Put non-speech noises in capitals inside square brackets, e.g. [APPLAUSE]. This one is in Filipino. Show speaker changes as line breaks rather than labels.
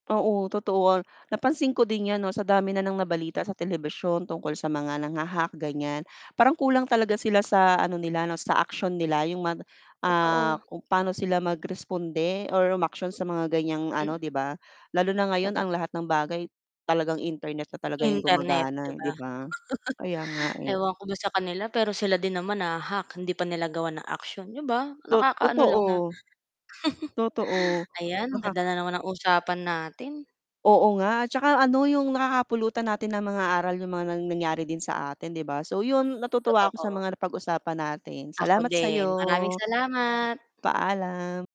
Oo, totoo, napansin ko din 'yan 'no, sa dami na ng nabalita sa telebisyon tungkol sa mga nangha-hack gan'yan, parang kulang talaga sila sa ano nila 'no, sa aksiyon nila yung man ah,
Totoo.
kung paano sila mag-responde or umaksiyon sa mga gan'yang ano,
Mm.
'di ba? Lalo na ngayon
Toto
ang lahat ng bagay talagang internet na talaga 'yong
Internet, 'di
gumagana,
ba?
'di ba? Kaya nga,
[CHUCKLES]
eh.
Ewan ko ba sa kanila, pero sila din naman nahahack hindi pa nila gawan ng action 'di ba,
Tot
nakakaano lang na
totoo.
[CHUCKLES]
Totoo,
ayan ang ganda na
nakak
naman ang usapan natin.
Oo nga, at 'tsaka ano yung nakakapulutan natin ng mga aral yung mga nang nangyari din sa atin, 'di ba? So, yun natutuwa ako sa
Totoo.
mga napag-usapan natin.
Ako
Salamat sa'yo.
din. Maraming salamat.
Paalam.